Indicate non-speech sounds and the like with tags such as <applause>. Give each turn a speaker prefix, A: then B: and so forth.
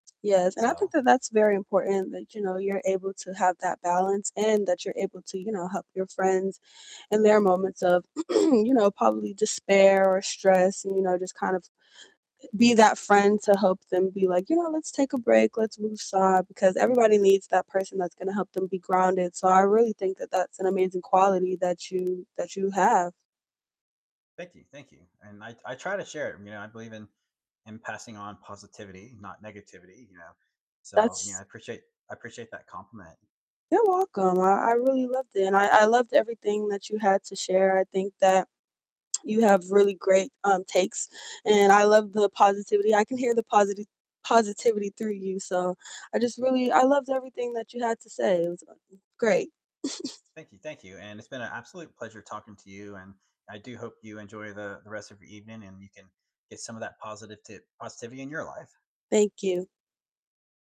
A: Yes, and I think
B: So
A: that that's very important that, you know, you're able to have that balance and that you're able to, you know, help your friends in their moments of, <clears throat> you know, probably despair or stress and, you know, just, kind of, eh, be that friend to help them be like, "You know, let's take a break, let's move aside," because everybody needs that person that's gonna help them be grounded, so I really think that that's an amazing quality that you that you have.
B: Thank you, thank you, and I I try to share it. You know, I believe in in passing on positivity, not negativity, you know, so, you know, I
A: That's
B: appreciate I appreciate that compliment.
A: You're welcome, I I really loved it and I I loved everything that you had to share. I think that you have really great, um, takes, and I love the positivity. I can hear the positi positivity through you, so I just really I loved everything that you had to say, it was <unintelligible> great. <chuckles>
B: Thank you, thank you, and it's been a absolute pleasure talking to you, and I do hope you enjoy the the rest of your evening and you can get some of that positivtiv positivity in your life.
A: Thank you.